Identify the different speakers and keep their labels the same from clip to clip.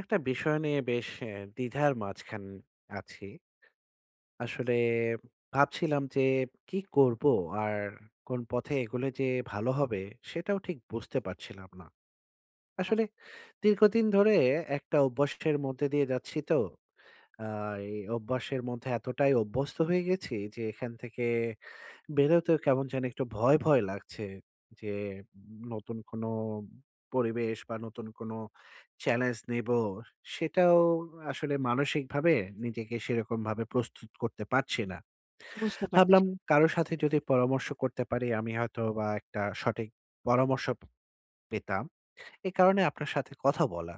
Speaker 1: একটা বিষয় নিয়ে বেশ এ দ্বিধার মাঝখান আছি। আসলে ভাবছিলাম যে কি করবো? আর কোন পথে এগোলে যে ভালো হবে? সেটাও ঠিক বুঝতে পারছিলাম না।
Speaker 2: আ
Speaker 1: আসলে দীর্ঘদিন ধরে একটা অভ্যাসের মধ্যে দিয়ে যাচ্ছি তো। আ এই অভ্যাসের মধ্যে এতটাই অভ্যস্ত হয়ে গেছি যে এখান থেকে বেরোতেও কেমন যেন একটু ভয়, ভয় লাগছে যে, অম নতুন কোন পরিবেশ বা, নতুন কোনো চ্যালেঞ্জ নিবো, সেটাও আসলে মানসিকভাবে নিজেকে সেরকমভাবে প্রস্তুত করতে পারছি না।
Speaker 2: বুঝতে পারছি।
Speaker 1: ভাবলাম কারো সাথে যদি পরামর্শ করতে পারি, আমি হয়তোবা একটা সঠিক পরামর্শ পেতাম। এই কারণে আপনার সাথে কথা বলা।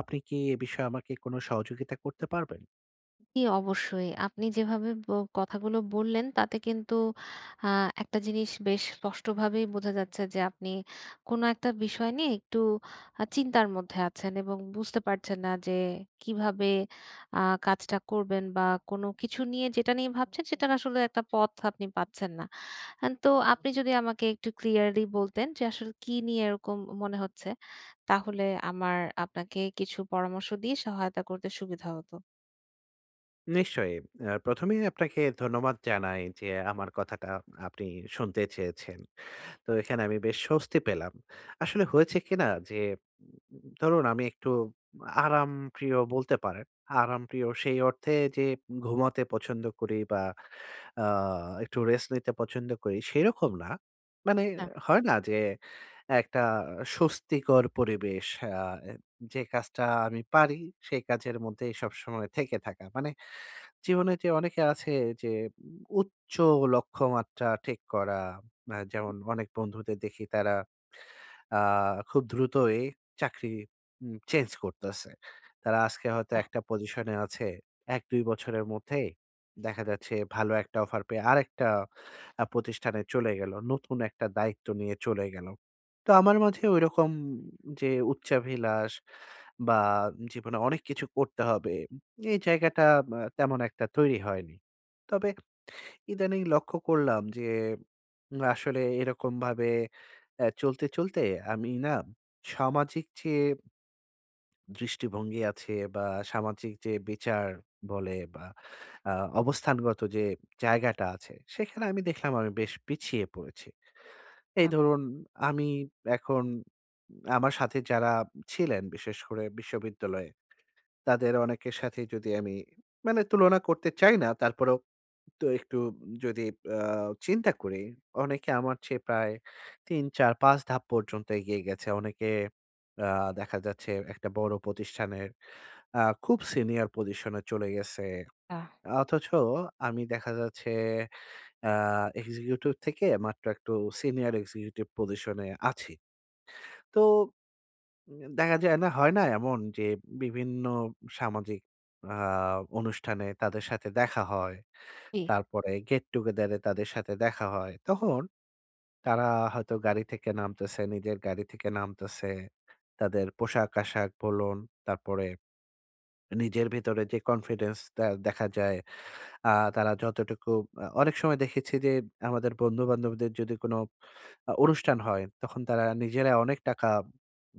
Speaker 1: আপনি কি এ বিষয়ে আমাকে কোন সহযোগিতা করতে পারবেন?
Speaker 2: ই অবশ্যই। আপনি যেভাবে ব কথাগুলো বললেন, তাতে কিন্তু আ একটা জিনিস বেশ স্পষ্টভাবেই বোঝা যাচ্ছে যে, আপনি কোন একটা বিষয় নিয়ে একটু আ চিন্তার মধ্যে আছেন এবং বুঝতে পারছেন না যে কিভাবে আ কাজটা করবেন? বা, কোন কিছু নিয়ে, যেটা নিয়ে ভাবছেন, সেটার আসলে একটা পথ আপনি পাচ্ছেন না। আন তো আপনি যদি আমাকে একটু ক্লিয়ারলি বলতেন যে, আসলে কী নিয়ে এরকম উম মনে হচ্ছে? তাহলে আমার আপনাকে কিছু পরামর্শ দিয়ে সহায়তা করতে সুবিধা হতো।
Speaker 1: নিশ্চয়ই। এ ১মে ই আপনাকে ধন্যবাদ জানাই যে, আমার কথাটা আপনি শুনতে চেয়েছেন। তো এখানে আমি বেশ স্বস্তি পেলাম। আসলে হয়েছে কি না যে উম উম উম ধরুন, আমি একটু আরামপ্রিয় বলতে পারেন। আরামপ্রিয় সেই অর্থে যে ঘুমাতে পছন্দ করি বা আ একটু রেস্ট নিতে পছন্দ করি, সেই রকম না। মানে
Speaker 2: না।
Speaker 1: হয় না যে, একটা স্বস্তিকর পরিবেশ আ যে কাজটা আমি পারি, সেই কাজের মধ্যেই সবসময় থেকে থাকা। মানে জীবনে যে অনেকে আছে এই যে, উ উচ্চ লক্ষ্যমাত্রা ঠিক করা আ
Speaker 2: হু।
Speaker 1: যেমন অনেক বন্ধুদের দেখি তারা আ খুব দ্রুতই চাকরি উম চেঞ্জ করতেছে। তারা আজকে হয়তো
Speaker 2: আহ!
Speaker 1: একটা পজিশনে আছে, ১ ২ বছরের মধ্যেই দেখা যাচ্ছে ভালো একটা অফার পেয়ে আরেকটা আ প্রতিষ্ঠানে চলে গেল। নতুন একটা দায়িত্ব নিয়ে চলে গেল। তো আমার মাঝে ঐরকম যে উচ্চাভিলাষ বা জীবনে অনেক কিছু করতে হবে, এই জায়গাটা আব তেমন একটা তৈরি হয়নি। তবে ইদানীং লক্ষ্য করলাম যে, আসলে এরকমভাবে এ চলতে, চলতে আমি না সামাজিক চেয়ে দৃষ্টিভঙ্গি আছে বা সামাজিক যে বিচার বলে বা আ অবস্থানগত যে জায়গাটা আছে, সেখানে আমি দেখলাম আমি বেশ পিছিয়ে পড়েছি। এই
Speaker 2: আহ
Speaker 1: ধরুন আমি এখন, আমার সাথে যারা ছিলেন বিশেষ করে বিশ্ববিদ্যালয়ে, তাদের অনেকের সাথেই যদি আমি মানে তুলনা করতে চাই না তারপরেও তো একটু যদি আ চিন্তা করি। অনেকে আমার চেয়ে প্রায় ৩ ৪ ৫ ধাপ পর্যন্ত এগিয়ে গেছে। অনেকে আ দেখা যাচ্ছে একটা বড় প্রতিষ্ঠানের আ খুব সিনিয়র পজিশনে চলে গেছে।
Speaker 2: আহ
Speaker 1: আ অথচ আমি দেখা যাচ্ছে অ্যা এক্সিকিউটিভ থেকে মাত্র একটু সিনিয়র এক্সিকিউটিভ পজিশনে আছি। তো উম দেখা যায় না, হয় না এমন যে বিভিন্ন সামাজিক আ অনুষ্ঠানে তাদের সাথে দেখা হয়।
Speaker 2: জি।
Speaker 1: তারপরে গেট টুগেদারে তাদের সাথে দেখা হয়। তখন তারা হয়তো গাড়ি থেকে নামতেছে, নিজের গাড়ি থেকে নামতেছে। তাদের পোশাক-আশাক বলুন, তারপরে নিজের ভিতরে যে কনফিডেন্সটা দেখা যায়। আ তারা যতটুকু, অ অনেক সময় দেখেছি যে আমাদের বন্ধুবান্ধবদের যদি কোনো আ অনুষ্ঠান হয়, তখন তারা নিজেরা অনেক টাকা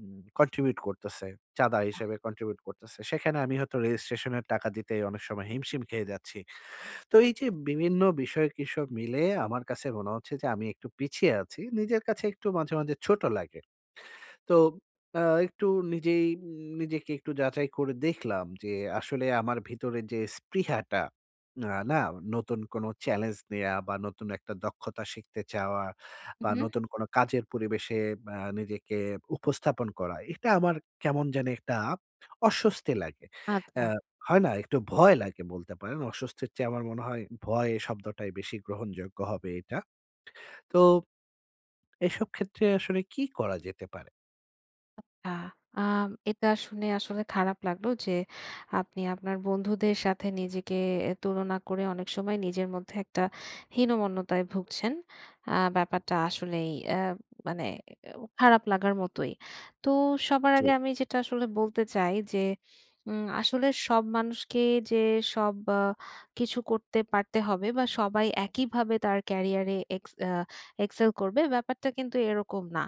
Speaker 1: উম কন্ট্রিবিউট করতেছে। চাঁদা হিসেবে কন্ট্রিবিউট করতেছে। সেখানে আমি হয়তো রেজিস্ট্রেশনের টাকা দিতেই অনেক সময় হিমশিম খেয়ে যাচ্ছি। তো এই যে বিভিন্ন বিষয়ে কি সব মিলে আমার কাছে মনে হচ্ছে যে আমি একটু পিছিয়ে আছি। নিজের কাছে একটু মাঝে, মাঝে ছোট লাগে। তো অ্যা একটু নিজেই নিজেকে একটু যাচাই করে দেখলাম যে আসলে আমার ভিতরে যে স্পৃহাটা না, নতুন কোনো চ্যালেঞ্জ নেয়া বা নতুন একটা দক্ষতা শিখতে চাওয়া
Speaker 2: উম
Speaker 1: বা
Speaker 2: হু।
Speaker 1: নতুন কোনো কাজের পরিবেশে আ নিজেকে উপস্থাপন করা, এটা আমার কেমন জানি একটা অস্বস্তি লাগে।
Speaker 2: আচ্ছা।
Speaker 1: অ্যা হয় না, একটু ভয় লাগে বলতে পারেন। অস্বস্তির চেয়ে আমার মনে হয় ভয় শব্দটাই বেশি গ্রহণযোগ্য হবে এটা। তো এসব ক্ষেত্রে আসলে কি করা যেতে পারে?
Speaker 2: আচ্ছা। আম এটা শুনে আসলে খারাপ লাগলো যে, আপনি আপনার বন্ধুদের সাথে নিজেকে এ তুলনা করে অনেক সময় নিজের মধ্যে একটা হীনমন্যতায় ভুগছেন। আ ব্যাপারটা আসলেই অ্যা অ মানে খারাপ লাগার মতোই। তো সবার আগে
Speaker 1: চই
Speaker 2: আমি যেটা আসলে বলতে চাই যে, উম আসলে সব মানুষকে যে সব বা কিছু করতে পারতে হবে বা, সবাই একইভাবে তার ক্যারিয়ারে এক্স আ excel করবে, ব্যাপারটা কিন্তু এরকম না।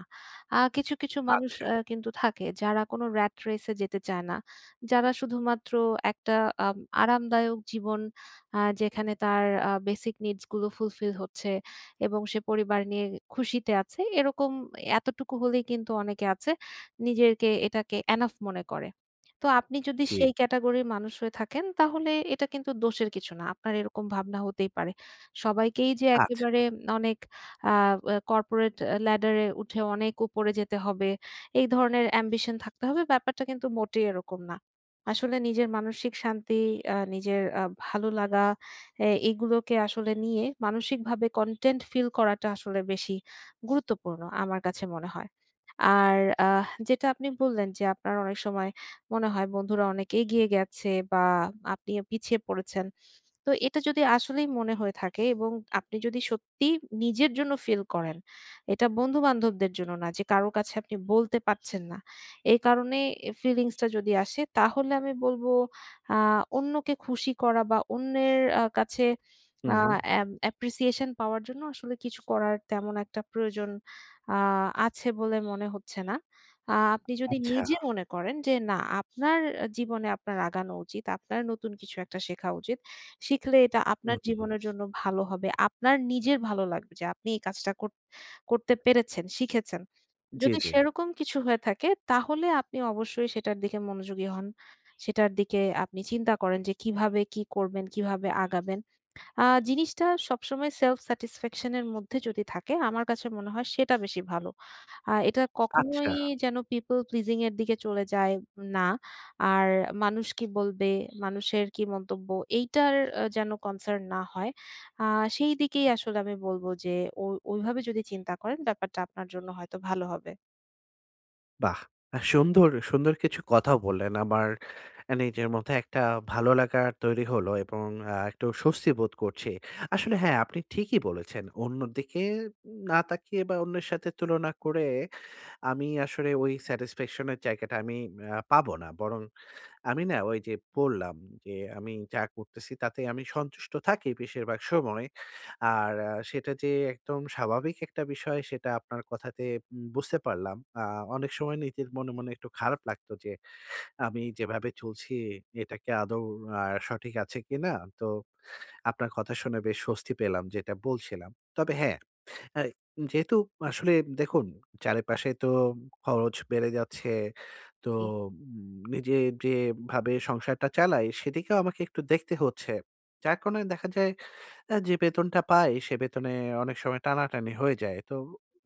Speaker 2: আ কিছু, কিছু মানুষ
Speaker 1: আচ্ছা।
Speaker 2: অ্যা কিন্তু থাকে যারা কোন rat race এ যেতে চায় না। যারা শুধুমাত্র একটা আম আরামদায়ক জীবন আ যেখানে তার আ বেসিক নিডসগুলো ফুলফিল হচ্ছে এবং সে পরিবার নিয়ে এ খুশিতে আছে, এরকম, এতটুকু হলেই কিন্তু অনেকে আছে নিজেকে এটাকে এনাফ মনে করে। তো আপনি যদি
Speaker 1: জি।
Speaker 2: সেই ক্যাটেগরির মানুষ হয়ে থাকেন, তাহলে এটা কিন্তু দোষের কিছু না। আপনার এরকম ভাবনা হতেই পারে। সবাইকেই যে
Speaker 1: আচ্ছা।
Speaker 2: একেবারে অনেক আ এ corporate আ ladder এই উঠে অনেক উপরে যেতে হবে। এই ধরনের ambition থাকতে হবে, ব্যাপারটা কিন্তু মোটেই এরকম না। আসলে নিজের মানসিক শান্তি, আ নিজের আ ভালো লাগা অ্যা এইগুলোকে আসলে নিয়ে মানসিকভাবে কনটেন্ট ফিল করাটা আসলে বেশি গুরুত্বপূর্ণ আমার কাছে মনে হয়। আর আহ যেটা আপনি বললেন যে, আপনার অনেক সময় মনে হয় বন্ধুরা অনেক এগিয়ে গেছে বা, আপনি আ পিছিয়ে পড়েছেন। তো এটা যদি আসলেই মনে হয়ে থাকে এবং আপনি যদি সত্যি নিজের জন্য ফিল করেন। এটা বন্ধু-বান্ধবদের জন্য না যে কারো কাছে আপনি বলতে পারছেন না। এই কারণে এ ফিলিংসটা যদি আসে, তাহলে আমি বলবো আ অন্যকে খুশি করা বা, অন্যের আ কাছে
Speaker 1: হুম,
Speaker 2: আ
Speaker 1: হুম।
Speaker 2: এম অ্যাপ্রিসিয়েশন পাওয়ার জন্য আসলে কিছু করার তেমন একটা প্রয়োজন আ আছে বলে মনে হচ্ছে না। আ আপনি যদি
Speaker 1: আচ্ছা।
Speaker 2: নিজে মনে করেন যে, না, আপনার জীবনে আপনার আগানো উচিত, আপনার নতুন কিছু একটা শেখা উচিত। শিখলে এটা
Speaker 1: হুম,
Speaker 2: আপনার
Speaker 1: হুম, হুম।
Speaker 2: জীবনের জন্য ভালো হবে। আপনার নিজের ভালো লাগবে যে আপনি এই কাজটা কর করতে পেরেছেন, শিখেছেন।
Speaker 1: জি,
Speaker 2: যদি
Speaker 1: জি।
Speaker 2: সেরকম কিছু হয়ে থাকে, তাহলে আপনি অবশ্যই সেটার দিকে মনোযোগী হন। সেটার দিকে আপনি চিন্তা করেন যে, কিভাবে কি করবেন? কিভাবে আগাবেন? আ জিনিসটা সবসময় সেলফ স্যাটিসফ্যাকশন এর মধ্যে যদি থাকে, আমার কাছে মনে হয় সেটা বেশি ভালো। আ এটা কখনোই
Speaker 1: আচ্ছা।
Speaker 2: যেন people pleasing এর দিকে চলে যায় না। আর মানুষ কি বলবে? মানুষের কি মন্তব্য? এইটার অ্যা যেন কনসার্ন না হয়। আ সেই দিকেই আসলে আমি বলবো যে ও ওইভাবে যদি চিন্তা করেন, ব্যাপারটা আপনার জন্য হয়তো ভালো হবে।
Speaker 1: বাহ! আ সুন্দর, সুন্দর কিছু কথাও বললেন। আমার এ নিজের মধ্যে একটা ভালো লাগা তৈরি হলো এবং আ একটু স্বস্তি বোধ করছি। আসলে হ্যাঁ, আপনি ঠিকই বলেছেন। অন্যদিকে উন না তাকিয়ে বা, অন্যের সাথে তুলনা করে আমি আসলে ওই স্যাটিসফ্যাকশনের জায়গাটা আমি ম্যা পাবো না বরং আমি না ওইযে পড়লাম যে, আমি যা করতেছি তাতে আমি সন্তুষ্ট থাকি বেশিরভাগ সময়। আর আ সেটা যে একদম স্বাভাবিক একটা বিষয়, সেটা আপনার কথাতে উম বুঝতে পারলাম। আ অনেক সময় নীতির মনে, মনে একটু খারাপ লাগতো যে, আমি যেভাবে চলছি, এটা কি আদৌ আ সঠিক আছে কিনা? তো আপনার কথা শুনে বেশ স্বস্তি পেলাম, যেটা বলছিলাম। তবে হ্যাঁ, আ যেহেতু আসলে দেখুন, চারিপাশে তো খরচ বেড়ে যাচ্ছে। তো
Speaker 2: জি।
Speaker 1: উম নিজের যেভাবে সংসারটা চালাই, সেদিকেও আমাকে একটু দেখতে হচ্ছে। যার কারণে দেখা যায় আ যে বেতনটা পাই, সে বেতনে অনেক সময় টানাটানি হয়ে যায়। তো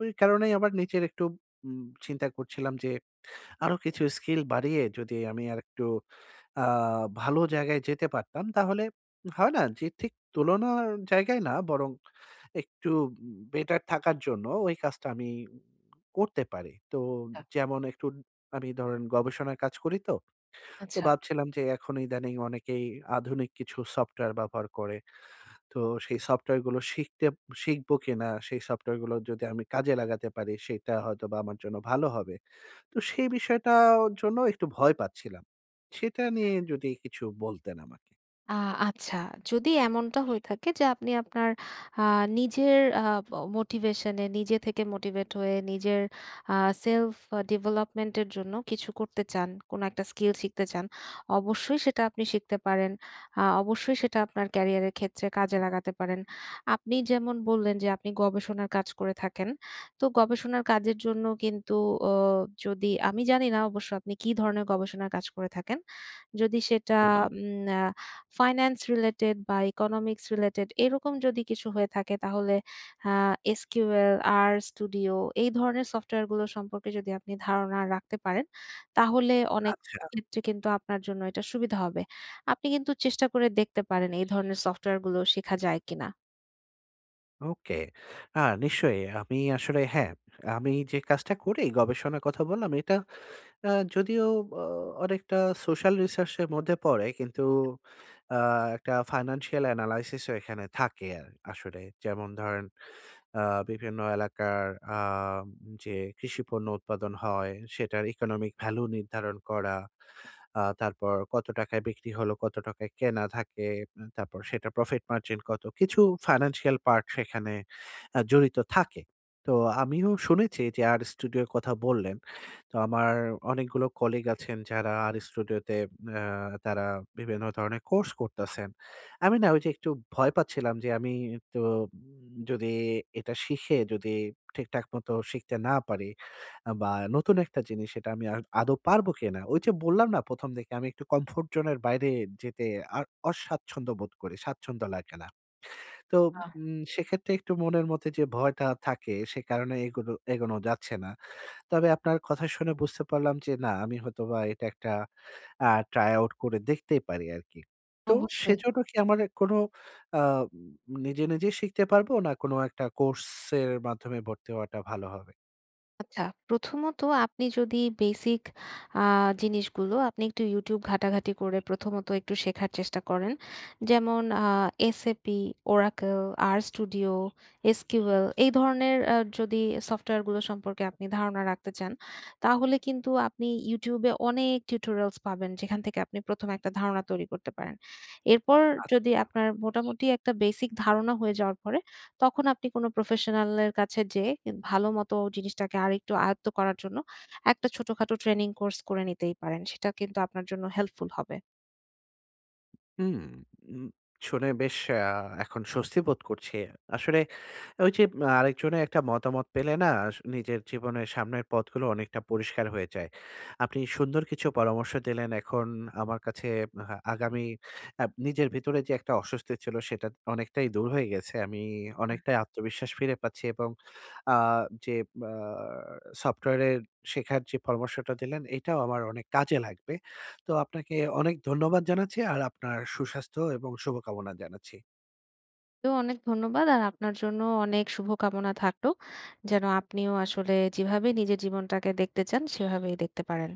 Speaker 1: ঐ কারণেই আবার নিচচে একটু উম চিন্তা করছিলাম যে আরো কিছু স্কিল বাড়িয়ে যদি আমি আরেকটু আ ভালো জায়গায় যেতে পারতাম, তাহলে হয় না? যে ঠিক তুলনার জায়গায় না বরং একটু উম বেটার থাকার জন্য ওই কাজটা আমি করতে পারি। তো
Speaker 2: ছা
Speaker 1: যেমন একটু আমি ধরেন গবেষণার কাজ করি তো। তো
Speaker 2: আচ্ছা।
Speaker 1: ভাবছিলাম যে এখন ইদানিং অনেকেই আধুনিক কিছু সফটওয়্যার ব্যবহার করে। তো সেই সফটওয়্যারগুলো শিখতে শিখবো কিনা? সেই সফটওয়্যারগুলো যদি আমি কাজে লাগাতে পারি, সেটা হয়তোবা আমার জন্য ভালো হবে। তো সেই বিষয়টার জন্য একটু ভয় পাচ্ছিলাম। সেটা
Speaker 2: হ্যা,
Speaker 1: নিয়ে
Speaker 2: হ্যা।
Speaker 1: যদি কিছু বলতেন আমাকে।
Speaker 2: আ আচ্ছা যদি এমনটা হয়ে থাকে যে আপনি আপনার আ নিজের আ মোটিভেশনে নিজে থেকে মোটিভেট হয়ে নিজের আ সেলফ ডেভেলপমেন্ট এর জন্য কিছু করতে চান, কোন একটা স্কিল শিখতে চান অবশ্যই সেটা আপনি শিখতে পারেন। আ অবশ্যই সেটা আপনার ক্যারিয়ারের ক্ষেত্রে কাজে লাগাতে পারেন। আপনি যেমন বললেন যে আপনি গবেষণার কাজ করে থাকেন তো গবেষণার কাজের জন্য কিন্তু উ যদি আমি জানি না অবশ্য আপনি কী ধরনের গবেষণার কাজ করে থাকেন? যদি সেটা
Speaker 1: উম হু।
Speaker 2: উম ফাইনান্স রিলেটেড বা ইকোনমিক্স রিলেটেড এরকম যদি কিছু হয়ে থাকে তাহলে আ এসকিউএল, আর স্টুডিও এই ধরনের সফটওয়্যারগুলো সম্পর্কে যদি আপনি ধারণা রাখতে পারেন, তাহলে অনেক
Speaker 1: আচ্ছা।
Speaker 2: ক্ষেত্রে কিন্তু আপনার জন্য এটা সুবিধা হবে। আপনি কিন্তু চেষ্টা করে দেখতে পারেন এই ধরনের সফটওয়্যারগুলো শেখা যায় কিনা।
Speaker 1: ওকে আ নিশ্চয়ই। আমি আসলে হ্যাঁ, আমি যে কাজটা করি গবেষণার কথা বললাম এটা আ যদিও অ অনেকটা সোশ্যাল রিসার্চ এর মধ্যে পড়ে। কিন্তু আ একটা ফাইন্যান্সিয়াল এনালাইসিস ও এখানে থাকে আ আসলে। যেমন ধরেন আ বিভিন্ন এলাকার আ যে কৃষি পণ্য উৎপাদন হয় সেটার ইকোনমিক ভ্যালু নির্ধারণ করা। আ তারপর কত টাকায় বিক্রি হলো? কত টাকায় কেনা থাকে? তারপর সেটা প্রফিট মার্জিন কত? কিছু ফাইন্যান্সিয়াল পার্টস সেখানে আ জড়িত থাকে। তো আমিও শুনেছি যে আর্ স্টুডিওর কথা বললেন। তো আমার অনেকগুলো কলিগ আছেন যারা আর্ স্টুডিও তে আ তারা বিভিন্ন ধরনের কোর্স করতেছেন। আমি না ওই যে একটু ভয় পাচ্ছিলাম যে আমি তো যদি এটা শিখে যদি ঠিকঠাক মতো শিখতে না পারি বা নতুন একটা জিনিস সেটা আমি আ আদো পারবো কিনা? ওই যে বললাম না ১ম দিকে আমি একটু কমফোর্ট জোন এর বাইরে যেতে আ অস্বাচ্ছন্দ্য বোধ করি। স্বাচ্ছন্দ্য লাগে না। তো
Speaker 2: আহ
Speaker 1: উম সেক্ষেত্রে একটু মনের মধ্যে, যে ভয়টা থাকে সে কারণে এগোনো এগোনো যাচ্ছে না। তবে আপনার কথা শুনে বুঝতে পারলাম যে না আমি হয়তোবা এটা একটা আ ট্রাই আউট করে দেখতেই পারি আরকি। তো
Speaker 2: অবশ্যই।
Speaker 1: সেজন্য কি আমার কোন আ নিজে, নিজে শিখতে পারবো? না কোনো একটা কোর্সের মাধ্যমে ভর্তি হওয়াটা ভালো হবে?
Speaker 2: আচ্ছা, প্রথমত আপনি যদি বেসিক আ জিনিসগুলো, আপনি একটু YouTube ঘাটাঘাটি করে প্রথমত একটু শেখার চেষ্টা করেন। যেমন আ SAP, Oracle, RStudio, SQL এই ধরনের অ্যা যদি সফটওয়্যারগুলো সম্পর্কে আপনি ধারণা রাখতে চান, তাহলে কিন্তু আপনি YouTube এ অনেক টিউটোরিয়ালস পাবেন। যেখান থেকে আপনি প্রথমে একটা ধারণা তৈরি করতে পারেন। এরপর যদি
Speaker 1: আচ্ছা।
Speaker 2: আপনার মোটামুটি একটা বেসিক ধারণা হয়ে যাওয়ার পরে, তখন আপনি কোনো প্রফেশনাল এর কাছে যেয়ে কি ভাল মতো জিনিসটাকে আরেকটু আয়ত্ত করার জন্য একটা ছোটখাটো ট্রেনিং কোর্স করে নিতেই পারেন। সেটা কিন্তু আপনার জন্য হেল্পফুল হবে।
Speaker 1: হুম, উম শুনে বেশ আ এখন স্বস্তি বোধ করছি। আসলে ঐযে মা আরেকজনের একটা মতামত পেলে না, আস নিজের জীবনের সামনের পথগুলো অনেকটা পরিষ্কার হয়ে যায়। আপনি সুন্দর কিছু পরামর্শ দিলেন। এখন আমার কাছে হা আগামী আ নিজের ভিতরে যে একটা অস্বস্তি ছিল, সেটা অনেকটাই দূর হয়ে গেছে। আমি
Speaker 2: আহ
Speaker 1: অনেকটাই আত্মবিশ্বাস ফিরে পাচ্ছি এবং আ যে বা সফটওয়্যারের শেখার যে পরামর্শটা দিলেন, এটাও আমার অনেক কাজে লাগবে। তো আপনাকে অনেক ধন্যবাদ জানাচ্ছি আর আপনার সুস্বাস্থ্য এবং শুভকামনা জানাচ্ছি।
Speaker 2: তো অনেক ধন্যবাদ আর আপনার জন্যও অনেক শুভ কামনা থাকল, যেনো আপনিও আসলে যেভাবে নিজের জীবনটাকে দেখতে চান, সেভাবেই দেখতে পারেন।